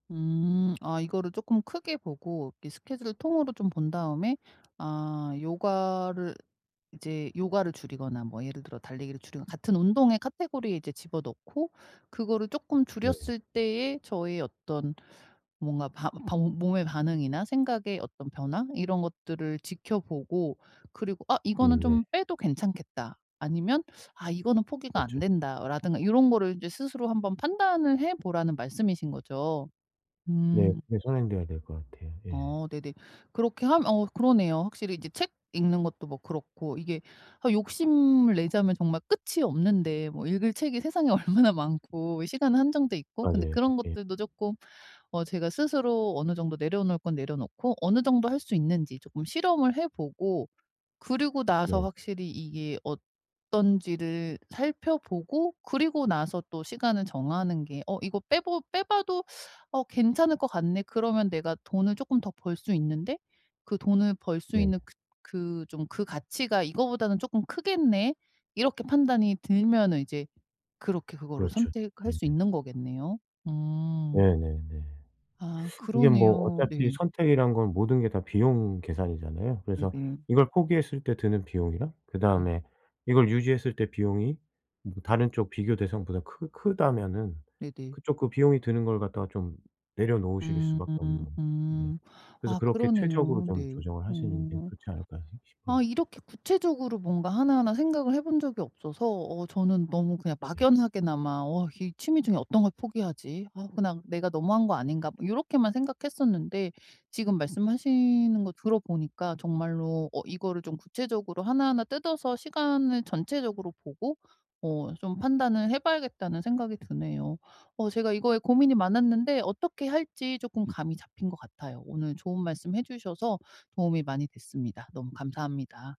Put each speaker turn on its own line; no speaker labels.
음. 아 이거를 쪼끔 크게 보고 이게 스케줄을 통으로 좀 본 다음에 아 요가를 이제 요가를 줄이거나 뭐 예를 들어 달리기를 줄이거나 같은 운동의 카테고리에 이제 집어넣고 그거를 쪼끔
네.
줄였을 때에 저의 어떤 뭔가 반 반 몸의 반응이나 생각의 어떤 변화 이런 것들을 지켜보고 그리고 '아 이거는
음 네.
좀 빼도 괜찮겠다.' 아니면 '아 이거는 포기가 안
그렇죠.
된다.'라든가 요런 거를 이제 스스로 한번 판단을 해보라는 말씀이신 거죠.
네.
음.
네 선행돼야 될 것 같아요. 예.
어. 네네. 그렇게 하면 어 그러네요. 확실히 이제 책 읽는 것도 뭐 그렇고 이게 아 욕심을 내자면 정말 끝이 없는데 뭐 읽을 책이 세상에 얼마나 많고 시간은 한정돼 있고 근데
맞아요.
그런
예.
것들도 쪼끔 어 제가 스스로 어느 정도 내려놓을 건 내려놓고 어느 정도 할 수 있는지 쪼끔 실험을 해보고 그리고 나서
네.
확실히 이게 어떤지를 살펴보고 그리고 나서 또 시간을 정하는 게 '어 이거 빼보 빼봐도 어 괜찮을 것 같네. 그러면 내가 돈을 쪼끔 더 벌 수 있는데 그 돈을 벌 수
네.
있는 그 그 좀 그 가치가 이거보다는 쪼끔 크겠네.' 이렇게 판단이 들면은 이제 그렇게 그거를
그렇죠.
선택할
예.
수
네.
있는 거겠네요. 음.
네네네.
아.
이게 뭐
그러네요.
어차피
네.
선택이란 건 모든 게 다 비용 계산이잖아요. 그래서
네네.
이걸 포기했을 때 드는 비용이랑
네.
그다음에 이걸 유지했을 때 비용이 뭐 다른 쪽 비교 대상보다 크 크다면은
네네.
그쪽 그 비용이 드는 걸 갖다가 좀 내려놓으실 수밖에 없는
음.
거죠. 네.
음.
그래서
아
그렇게 최적으로
그러네요.
좀
네.
조정을 하시는 게
어.
좋지 않을까 싶 싶어요.
아 이렇게 구체적으로 뭔가 하나하나 생각을 해본 적이 없어서 어 저는 너무 그냥
네.
막연하게나마 '어 이 취미 중에 어떤 걸 포기하지? 아 그냥 내가 너무한 거 아닌가.' 요렇게만 생각했었는데 지금 말씀하시는 거 들어 보니까 정말로 어 이거를 좀 구체적으로 하나하나 뜯어서 시간을 전체적으로 보고 어 좀 판단을 해봐야겠다는 생각이 드네요. 어 제가 이거에 고민이 많았는데 어떻게 할지 쪼끔 감이 잡힌 것 같아요. 오늘 좋은 말씀 해주셔서 도움이 많이 됐습니다. 너무 감사합니다.